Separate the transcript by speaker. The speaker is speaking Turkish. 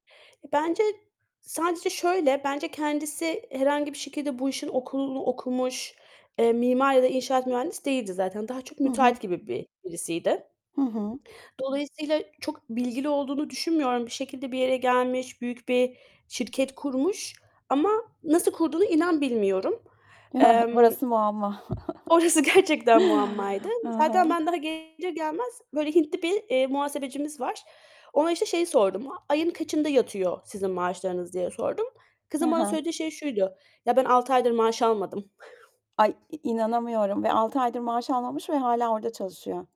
Speaker 1: Bence sadece şöyle, bence kendisi herhangi bir şekilde bu işin okulu okumuş, eee, mimar ya da inşaat mühendisi değildi zaten. Daha çok
Speaker 2: Hı hı.
Speaker 1: müteahhit gibi bir birisiydi.
Speaker 2: Hı hı.
Speaker 1: Dolayısıyla çok bilgili olduğunu düşünmüyorum. Bir şekilde bir yere gelmiş, büyük bir şirket kurmuş ama nasıl kurduğunu inan bilmiyorum. Emm
Speaker 2: Burası muamma.
Speaker 1: Orası gerçekten muammaydı.
Speaker 2: Hı
Speaker 1: Zaten
Speaker 2: hı.
Speaker 1: ben daha gelir gelmez böyle Hintli bir, eee, muhasebecimiz var. Ona, işte, şeyi sordum; "A ayın kaçında yatıyor sizin maaşlarınız?" diye sordum.
Speaker 2: Hı
Speaker 1: Kızın bana
Speaker 2: hı.
Speaker 1: söylediği şey şuydu; "Ya, ben 6 aydır maaş almadım."
Speaker 2: Ay, i inanamıyorum ve 6 aydır maaş almamış ve hâlâ orada çalışıyor.